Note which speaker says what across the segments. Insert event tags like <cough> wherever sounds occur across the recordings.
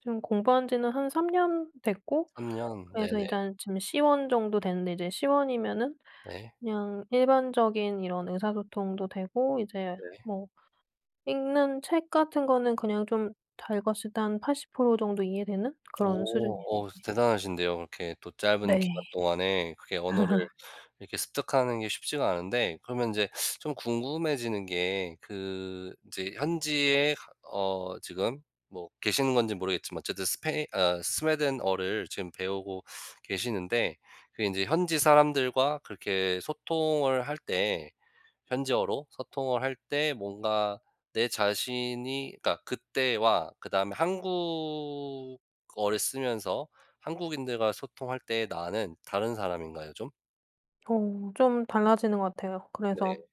Speaker 1: 지금 공부한 지는 한 3 년 됐고
Speaker 2: 3 년.
Speaker 1: 그래서
Speaker 2: 네네.
Speaker 1: 일단 지금 C1 정도 됐는데 이제 C1이면은
Speaker 2: 네.
Speaker 1: 그냥 일반적인 이런 의사소통도 되고 이제
Speaker 2: 네.
Speaker 1: 뭐 읽는 책 같은 거는 그냥 좀 잘 읽었을 때 한 80% 정도 이해되는 그런 수준이예요
Speaker 2: 오. 어.
Speaker 1: 이제.
Speaker 2: 대단하신데요. 그렇게 또 짧은
Speaker 1: 네.
Speaker 2: 기간 동안에 그게 언어를
Speaker 1: <laughs>
Speaker 2: 이렇게 습득하는 게 쉽지가 않은데 그러면 인제 좀 궁금해지는 게 그 인제 현지에 가 어 지금 뭐 계시는 건지 모르겠지만 어쨌든 스페인 어 스웨덴어를 지금 배우고 계시는데 그게 인제 현지 사람들과 그렇게 소통을 할 때 현지어로 소통을 할 때 뭔가 내 자신이 그러니까 그때와 그다음에 한국어를 쓰면서 한국인들과 소통할 때 나는 다른 사람인가요 좀?
Speaker 1: 어. 좀 달라지는 것 같아요. 그래서
Speaker 2: 네.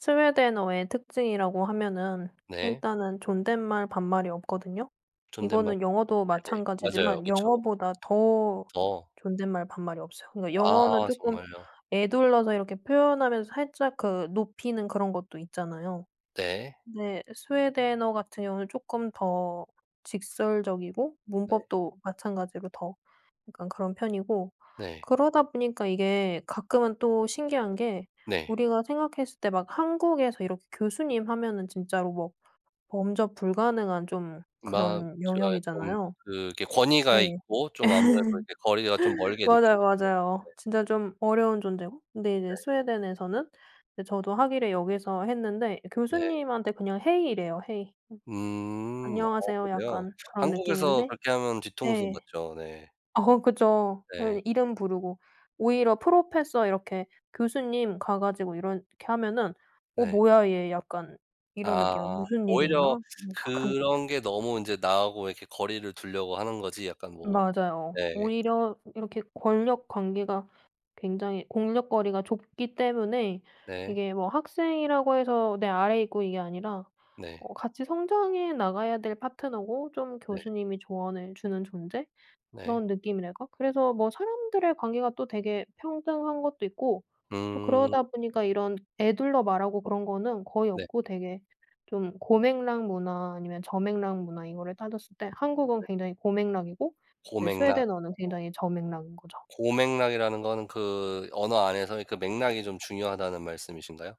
Speaker 1: 스웨덴어의 특징이라고 하면은
Speaker 2: 네.
Speaker 1: 일단은 존댓말 반말이 없거든요.
Speaker 2: 존댓말
Speaker 1: 이거는 영어도
Speaker 2: 반말. 네네. 맞아요.
Speaker 1: 마찬가지지만
Speaker 2: 그쵸.
Speaker 1: 영어보다 더
Speaker 2: 어.
Speaker 1: 존댓말 반말이 없어요. 그니까 영어는
Speaker 2: 아.
Speaker 1: 쪼끔
Speaker 2: 정말요?
Speaker 1: 에둘러서 이렇게 표현하면서 살짝 그 높이는 그런 것도 있잖아요.
Speaker 2: 네.
Speaker 1: 네. 스웨덴어 같은 경우는 쪼끔 더 직설적이고
Speaker 2: 네.
Speaker 1: 문법도 마찬가지로 더 약간 그런 편이고
Speaker 2: 네.
Speaker 1: 그러다 보니까 이게 가끔은 또 신기한 게
Speaker 2: 네.
Speaker 1: 우리가 생각했을 때 막 한국에서 이렇게 교수님 하면은 진짜로 뭐 범접 불가능한 좀
Speaker 2: 맞아요.
Speaker 1: 그런
Speaker 2: 좀
Speaker 1: 영역이잖아요.
Speaker 2: 그게
Speaker 1: 네.
Speaker 2: 권위가 있고 좀 아무래도 이렇게 거리가 좀
Speaker 1: <laughs>
Speaker 2: 멀게 느껴지죠.
Speaker 1: 맞아요,
Speaker 2: 네.
Speaker 1: 맞아요. 진짜 좀 어려운 존재고 근데
Speaker 2: 네.
Speaker 1: 이제 스웨덴에서는 이제 저도 학위를 여기서 했는데
Speaker 2: 네.
Speaker 1: 교수님한테 그냥 "hey." 이래요. "hey." 음.
Speaker 2: 음. 어
Speaker 1: "안녕하세요."
Speaker 2: 그래요?
Speaker 1: 약간 그런
Speaker 2: 한국에서
Speaker 1: 느낌인데
Speaker 2: 그렇게 하면 뒤통수
Speaker 1: 네.
Speaker 2: 맞죠. 네.
Speaker 1: 어 그죠.
Speaker 2: 네.
Speaker 1: 그 이름 부르고 오히려 "프로페서." 이렇게 "교수님." 가 가지고 이렇게 하면은 '어
Speaker 2: 네.
Speaker 1: 뭐야 얘.' 약간 이런 느낌이에요.
Speaker 2: 아.
Speaker 1: '무슨 일
Speaker 2: 오히려
Speaker 1: 있나?' 약간
Speaker 2: 그런 게 너무 인제 나하고 이렇게 거리를 두려고 하는 거지 약간 뭐
Speaker 1: 맞아요.
Speaker 2: 예.
Speaker 1: 오히려 이렇게 권력 관계가 굉장히 공력 거리가 좁기 때문에
Speaker 2: 네.
Speaker 1: 이게 뭐 학생이라고 해서 내 아래에 있고 이게 아니라
Speaker 2: 네.
Speaker 1: 어 같이 성장해 나가야 될 파트너고 좀
Speaker 2: 네.
Speaker 1: 교수님이 조언해 주는 존재?
Speaker 2: 네.
Speaker 1: 그런 느낌이랄까 그래서 뭐 사람들의 관계가 또 되게 평등한 것도 있고 또 그러다
Speaker 2: 음.
Speaker 1: 보니까 이런 에둘러 말하고 그런 거는 거의
Speaker 2: 네.
Speaker 1: 없고 되게 좀 고맥락 문화 아니면 저맥락 문화 이거를 따졌을 때 한국은
Speaker 2: 네.
Speaker 1: 굉장히 고맥락이고 네
Speaker 2: 고맥락.
Speaker 1: 스웨덴어는
Speaker 2: 아.
Speaker 1: 굉장히 저맥락인 거죠.
Speaker 2: 고맥락이라는 거는 그 언어 안에서의 그 맥락이 좀 중요하다는 말씀이신가요?